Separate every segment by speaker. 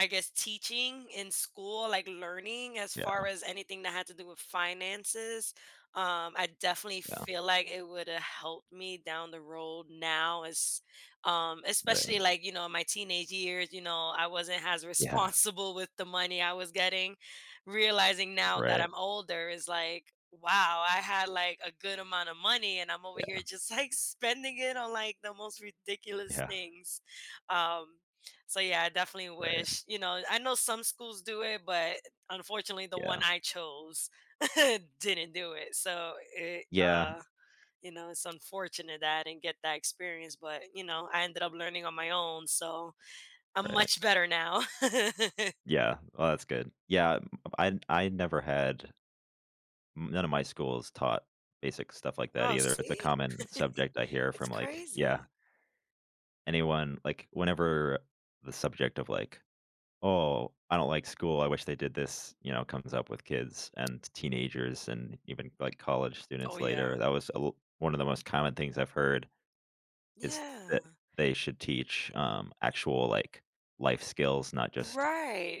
Speaker 1: I guess, teaching in school, like, learning as far
Speaker 2: Yeah.
Speaker 1: as anything that had to do with finances, um, I definitely
Speaker 2: Yeah.
Speaker 1: feel like it woulda helped me down the road now as, um especially,
Speaker 2: Right.
Speaker 1: like, you know, in my teenage years, you know, I wasn't has
Speaker 2: Yeah.
Speaker 1: responsible with the money I was getting, realizing now that
Speaker 2: Right.
Speaker 1: I'm older, is like, wow, I had, like, a good amount of money, and I'm over here
Speaker 2: Yeah.
Speaker 1: just, like, spending it on, like, the most ridiculous
Speaker 2: Yeah.
Speaker 1: things, um, so, yeah, I definitely
Speaker 2: Right.
Speaker 1: wish, you know I know some schools do it, but, unfortunately, the one
Speaker 2: Yeah.
Speaker 1: I chose didn't do it, so it,
Speaker 2: Yeah.
Speaker 1: uh you know, it's unfortunate that I didn't get that experience, but, you know, I ended up learning on my own, so I'm
Speaker 2: Right.
Speaker 1: much better now.
Speaker 2: Yeah. Well, that's good. Yeah, m I I never had m none of my schools taught basic stuff like that
Speaker 1: Oh,
Speaker 2: either, if it's a
Speaker 1: see?
Speaker 2: common subject I hear
Speaker 1: It's
Speaker 2: from, like Yeah
Speaker 1: crazy.
Speaker 2: anyone, like whenever, uh, the subject of, like, "Oh, I don't like school, I wish they did this," you know, comes up with kids and t teenagers and even, like, college
Speaker 1: Oh,
Speaker 2: students
Speaker 1: yeah.
Speaker 2: later, that was a loo one of the most common things I've heard is
Speaker 1: Yeah.
Speaker 2: that they should teach, um, actual, like, life skills, not just,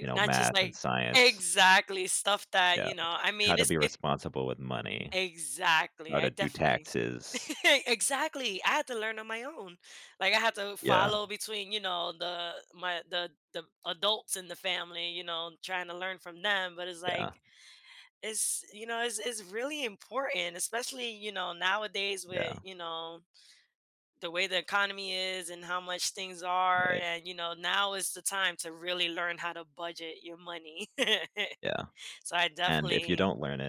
Speaker 2: you know,
Speaker 1: Not just,
Speaker 2: math and
Speaker 1: like
Speaker 2: science.
Speaker 1: Exactly, stuff that,
Speaker 2: Yeah.
Speaker 1: you know I
Speaker 2: How
Speaker 1: mean,
Speaker 2: to
Speaker 1: it's
Speaker 2: be
Speaker 1: it
Speaker 2: responsible with money.
Speaker 1: Exactly,
Speaker 2: How
Speaker 1: I
Speaker 2: to do
Speaker 1: definitely
Speaker 2: taxes.
Speaker 1: Exactly, I had to learn on my own. Like, I had to
Speaker 2: Yeah.
Speaker 1: follow between, you know, the my the the adults in the family, you know, trying to learn from them, but it's like
Speaker 2: Yeah.
Speaker 1: it's, you know, it's it's really important, especially, you know, nowadays with,
Speaker 2: Yeah.
Speaker 1: you know, the way the economy is and how much things are,
Speaker 2: Right.
Speaker 1: and, you know, now is the time to really learn how to budget your money.
Speaker 2: Yeah.
Speaker 1: So, I
Speaker 2: And if you
Speaker 1: definitely
Speaker 2: don't learn it